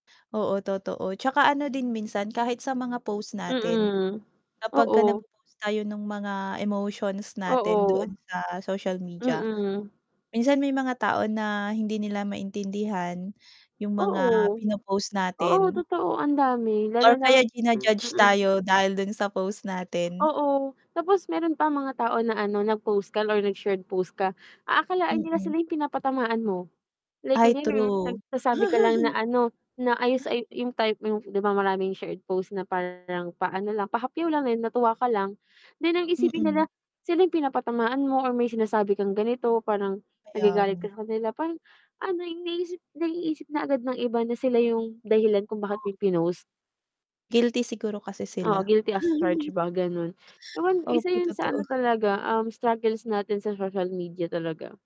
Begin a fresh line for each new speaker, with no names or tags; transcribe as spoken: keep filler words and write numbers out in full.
Oo, totoo. 'Tsaka ano din minsan kahit sa mga post natin
Mm,
kapagka
oo.
nagpo-post tayo nung mga emotions natin
Oo.
doon sa social media,
Mm.
minsan may mga tao na hindi nila maintindihan 'yung mga
Oo.
pino-post
Oo,
natin.
totoo ang dami, lalo
Or
na
kaya jina-judge
mm.
tayo dahil dun sa post natin.
Oo. Tapos meron pang mga tao na ano nag-post ka or nag-shared post ka, aakalain nila
Mm.
sila 'yung pinapatamaan mo like
Ay
ayun nga,
true.
nagsasabi ka lang na ano, na ayos
Ah.
ay 'yung type mo 'di ba, marami 'yung shared post na parang paano lang, pahapyaw lang, dahil natuwa ka lang. Then, ang isipin
Mm.
nila, sila 'yung pinapatamaan mo or may sinasabi kang ganito, parang
Kaya
nagagalit
nga.
ka sa kanila, parang ano 'yung naiisip naiisip na agad ng iba na sila 'yung dahilan kung bakit
[unintelligible]
mo 'yun pinost.
Guilty siguro kasi
Oo,
sila.
guilty as charged ba gano'n. Ewan, isa
Opo,
'yun sa ano
totoo.
talaga, um, struggles natin sa social media talaga.